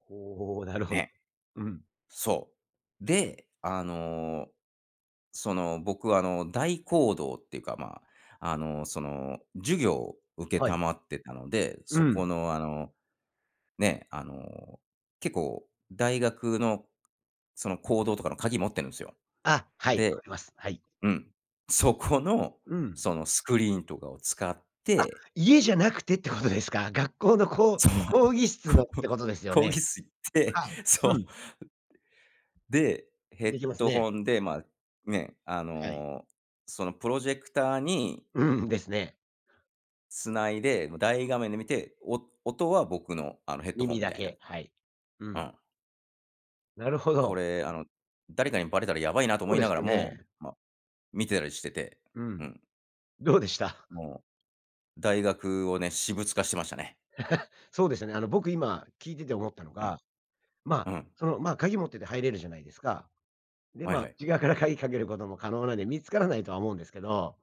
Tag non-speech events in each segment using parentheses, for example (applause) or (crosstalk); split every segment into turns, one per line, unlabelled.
ほう、なるほど。
ね。
うん。
そう、で、あの、その僕はあの、大講堂っていうか、まあ、あの、その授業を承
はい。
ってたので。
う
そこ
ん。
のあの、ね、あの、結構大学の、その講堂とかの鍵持ってるんすよ。
あ、はい、わか
で
ります。はい。
うん、そこの、
うん。
そのスクリーンとかを使っ
あ、
て
家じゃなくてってことですか？学校のこう
そう、
講義室の
こ
っ
う
てことですよ
講
ね。
義室行って
はい、
そう。
う
う
ん。
で、ヘッ
できます
ド
ね。
ホンで、ま、ね、あ
はい。
の、そのプロジェクターに
うん、ですね。
つないで、も、大画面で見て、お音は僕の、あのヘッドホン
耳
み
だ
たいな。
け、はい。う
う
ん。
ん。
なるほ
こ
ど。
れ、あの、誰かにバレたら、やばいなと
そう
思い
で
な
す
がら
よ
も、
ね。
ま、見てたりしてて、
う
う
ん。
ん。
どうでした？
もう、大学をね、私物化してましたね。うん。
(laughs) そうですよね。あの、僕今聞いてて思ったの
うん。
が、ま、
うん。
その、ま、鍵持ってて入れるじゃないですか。で、
はいは
ま、
い。
内側から鍵かけることも、可能なんで、見つからないとは思うんですけど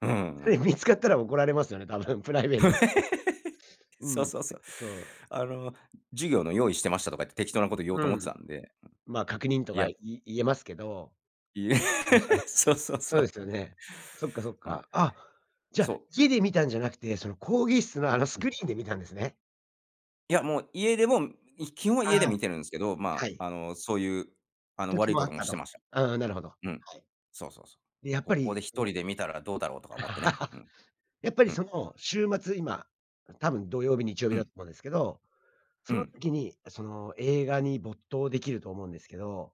うーん、う
つい、
ん。
見つかったら怒られますよね、多分、プライベートって。
(laughs)
う
そ
ん。
う
う
そうそう。
そう。
あの、授業の用意してましたと言って、適当なことを言おうと
う
思って
ん。
たんで、う
ま、確認と
ん、い
か、
や
い言えますけど。
いえ、
うるさい。
(laughs) そうそうそ
そうで
う。
すよね。そっかそっ
うん。
か。あ、じゃ
そ
あ、
う。
家で見たんじゃなくて、その講義室の、あのス
う
ク
ん。
リーンで見たんですね？
いや、もう家でもん、い基本は家で
ああ、
見てるんすけど、
は
まあ、
い。
あの、そういう、あの、
時
悪い
も
こ
あ
と
っ
も
た
して
と。
ました。
うんうん、なるほど。
うん。
はい。
そうそうそう
で、やっ
「こ
ぱ
こ
り
で一
その
人で見たら、どうだろう」とか思ってね。う
(laughs)
ん。
やっぱり
う
そ
ん。
の、週末今、うん、多分土曜日、日曜日
う
だ
ん。
思うんですけど。
う
その
ん。
時に、その映画に、没頭できると思うんですけど。